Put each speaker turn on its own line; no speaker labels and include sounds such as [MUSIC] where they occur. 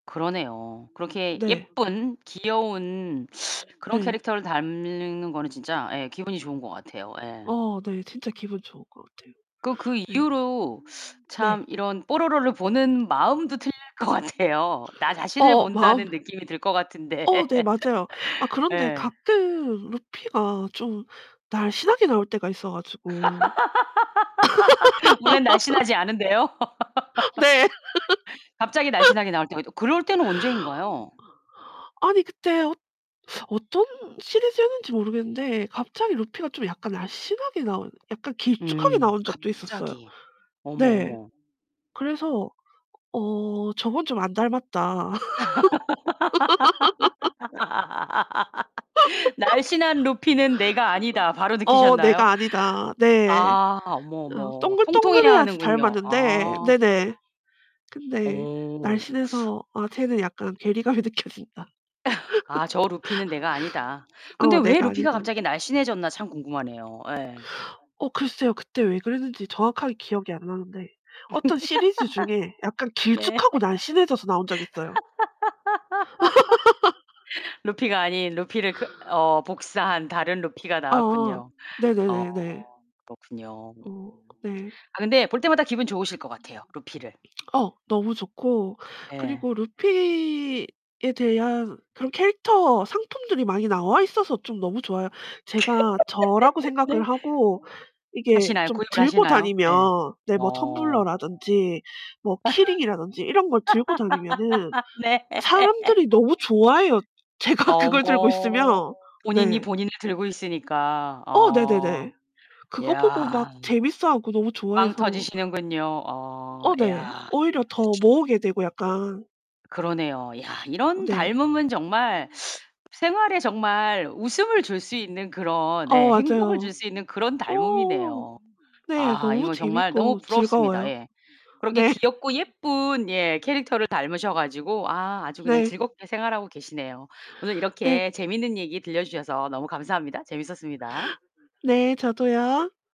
그러네요. 그렇게
네.
예쁜 귀여운 그런
네.
캐릭터를 닮는 거는 진짜 예 기분이 좋은 것 같아요. 예.
어 네 진짜 기분 좋을 것 같아요.
그 그
네.
이후로
네.
참 이런 뽀로로를 보는 마음도 틀릴 것 같아요. 나 자신을
어어 마음
본다는 느낌이 들 것 같은데.
어 네
[LAUGHS]
맞아요. 아 그런데
예.
가끔 루피가 좀 날씬하게 나올 때가 있어 가지고
[LAUGHS] 원래는 날씬하지 않은데요.
[LAUGHS] 네.
[LAUGHS] 갑자기 날씬하게 나올 때 [UNINTELLIGIBLE] 그럴 때는 언제인가요?
[LAUGHS] 아니 그때 어 어떤 시리즈였는지 모르겠는데 갑자기 루피가 좀 약간 날씬하게 나온 약간 길쭉하게
음
나온 적도 있었어요.
갑자기. 어머
네.
어머.
그래서 '어 저건 좀 안 닮았다.' [LAUGHS] [LAUGHS]
[LAUGHS] '날씬한 루피는 내가 아니다.'
[LAUGHS]
바로
어
느끼셨나요?
'내가 아니다.' 네.
아, 어머
어
어머. 통통해야
동글동글해야지
하는군요.
닮았는데
아.
네네 근데
어.
날씬해서 '아 쟤는 약간 괴리감이 느껴진다.
[LAUGHS] '아 저 루피는 내가
[LAUGHS]
아니다.' 근데
어
왜
내가
루피가
아니다.'
갑자기 날씬해졌나 참 궁금하네요 예.
어 글쎄요. 그때 왜 그랬는지 정확하게 기억이 안 나는데 어떤 시리즈 중에 약간
[LAUGHS] 네.
길쭉하고 날씬해져서 나온 적이 있어요.
[LAUGHS] 루피가 아닌 루피를 그 어 복사한 다른 루피가
[LAUGHS] 아아.
나왔군요. 어
네네네네.
그렇군요. 음.
어 네.
아 근데 볼 때마다 기분 좋으실 것 같아요 루피를.
어 너무 좋고
예.
그리고 루피에 대한 그런 캐릭터 상품들이 많이 나와 있어서 좀 너무 좋아요. 제가 저라고
[LAUGHS]
생각을
네.
하고 이게
하시나요
좀
구입을
들고
하시나요?
다니면
예.
네 뭐
어.
텀블러라든지 뭐 키링이라든지 이런 걸 들고 다니면은
[LAUGHS] 네.
사람들이 너무
[LAUGHS]
좋아해요 제가 그걸 들고
어머
있으면.
본인이
네.
본인을 들고 있으니까
어
어.
네네네. 그거 보고 막
야.
재밌어하고 너무
빵
좋아해서
터지시는군요. 어
어 네.
야.
오히려 더 모으게 되고 약간
그러네요. 야 이런
네.
닮음은 정말 생활에 정말 웃음을 줄 수 있는 그런
어
예 행복을 줄
맞아요.
수 있는 그런
어 어어.
닮음이네요.
네,
아
너무
이건 정말 너무
재밌고
부럽습니다.
즐거워요.
예. 그렇게
네.
귀엽고 예쁜 예 캐릭터를 닮으셔 가지고 아 아주 그냥
네.
즐겁게 생활하고 계시네요. 오늘
네.
이렇게 재밌는 얘기 들려 주셔서 너무 감사합니다. 재밌었습니다.
네, 저도요.